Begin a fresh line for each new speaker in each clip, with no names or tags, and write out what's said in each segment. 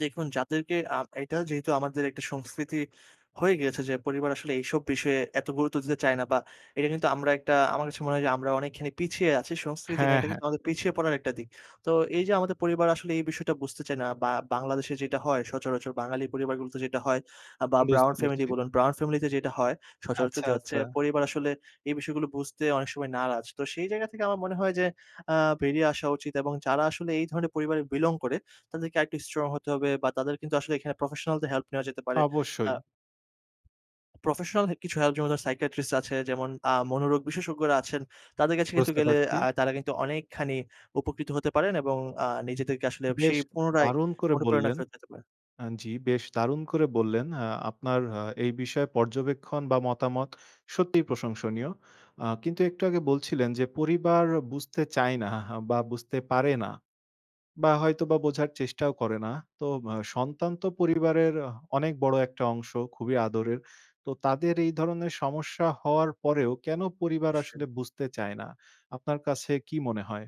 দেখুন যাদেরকে আম এইটা যেহেতু আমাদের একটা সংস্কৃতি হয়ে গিয়েছে যে পরিবার আসলে এইসব বিষয়ে এত গুরুত্ব দিতে চায় না বা এটা কিন্তু আমরা একটা আমার কাছে মনে হয় যে আমরা অনেকখানি পিছিয়ে আছি। সংস্কৃতি না,
হ্যাঁ,
এটা
হ্যাঁ।
কিন্তু আমাদের পিছিয়ে পড়ার একটা দিক। তো এই যে আমাদের পরিবার আসলে এই বিষয়টা বুঝতে চায় না। বা বাংলাদেশে যেইটা হয়, সচরাচর বাঙালি পরিবারগুলোতে যেটা হয় আ বা ব্রাউন
বুঝতে
ফ্যামিলি
পারছি।
বলুন। ব্রাউন ফ্যামিলিতে যেইটা হয় সচরাচর
আচ্ছা,
যে হচ্ছে
আচ্ছা।
পরিবার আসলে এই বিষয়গুলো বুঝতে অনেক সময় নারাজ। তো সেই জায়গা থেকে আমার মনে হয় যে আ বেরিয়ে আসা উচিত এবং যারা আসলে এই ধরনের পরিবারে বিলং করে তাদেরকে আরেকটু স্ট্রং হতে হবে বা তাদের কিন্তু আসলে এখানে প্রফেশনালদের হেল্প নেওয়া যেতে পারে আ
অবশ্যই।
প্রফেশনাল হে কিছু হেল্প যেমন ধরেন সাইকিয়াট্রিস্ট আছে, যেমন আ মনোরোগ বিশেষজ্ঞরা আছেন তাদের কাছে কিন্তু
বুঝতে
গেলে
পারছি।
আ তারা কিন্তু অনেকখানি উপকৃত হতে পারেন এবং আ নিজেদেরকে আসলে
বেশ
সেই পুনরায়
দারুণ করে
অনুপ্রেরণা
বললেন।
ফেরত দিতে পারেন।
আন জ্বি, বেশ দারুণ করে বললেন, আ আপনার আ এই বিষয়ে পর্যবেক্ষণ বা মতামত সত্যিই প্রশংসনীয়। আ কিন্তু একটু আগে বলছিলেন যে পরিবার বুঝতে চায় না বা বুঝতে পারে না। বা হয়তোবা বোঝার চেষ্টাও করে না। তো সন্তান তো পরিবারের অনেক বড় একটা অংশ, খুবই আদরের। তো তাদের এই ধরনের সমস্যা হওয়ার পরেও কেন পরিবার
নিশ্চয়ই।
আসলে বুঝতে চায় না? আপনার কাছে কি মনে হয়?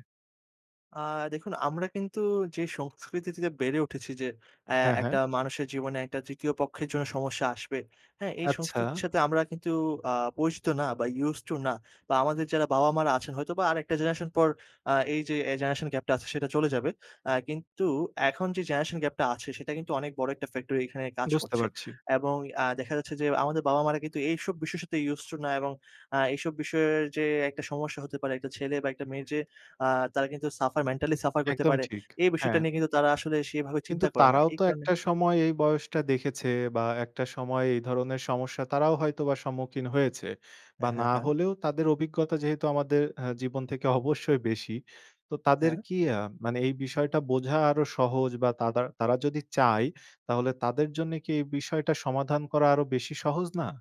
আ দেখুন আমরা কিন্তু যে সংস্কৃতি থেকে বেড়ে উঠেছি যে অ্যা
হ্যাঁ, হ্যাঁ।
একটা মানুষের জীবনে একটা ৩য় পক্ষের জন্য সমস্যা আসবে। হ্যাঁ, এই
আচ্ছা।
সংস্কৃতির সাথে আমরা কিন্তু আ পরিচিত না বা Used to না। বা আমাদের যারা বাবা-মারা আছেন হয়তোবা আরেকটা জেনারেশন পর আ এই যে এই জেনারেশন গ্যাপটা আছে সেটা চলে যাবে। অ্যা কিন্তু এখন যে জেনারেশন গ্যাপটা আছে সেটা কিন্তু অনেক বড় একটা ফ্যাক্টর এইখানে কাজ
বুঝতে
করছে
পারছি।
এবং আ দেখা যাচ্ছে যে আমাদের বাবা-মারা কিন্তু এইসব বিষয়ের সাথে Used to না এবং আ এইসব বিষয়ের যে একটা সমস্যা হতে পারে একটা ছেলে বা একটা মেয়ের যে আ তারা কিন্তু সাফার, মেন্টালি সাফার করতে
একদম
পারে;
ঠিক।
এই বিষয়টা
হ্যাঁ।
নিয়ে কিন্তু তারা আসলে সেইভাবে
কিন্তু
চিন্তা করে না।
তারাও
এই
তো
কারণে
একটা সময় এই বয়সটা দেখেছে বা একটা সময় এই ধরনের সমস্যা তারাও হয়তোবা সম্মুখীন হয়েছে। বা
হ্যাঁ, হ্যাঁ,
না
হ্যাঁ।
হলেও তাদের অভিজ্ঞতা যেহেতু আমাদের অ্যা জীবন থেকে অবশ্যই বেশি। তো তাদের
হ্যাঁ।
কি আ মানে এই বিষয়টা বোঝা আরো সহজ বা তাদার তারা যদি চায় তাহলে তাদের জন্যে কি এই বিষয়টা সমাধান করা আরো বেশি সহজ না?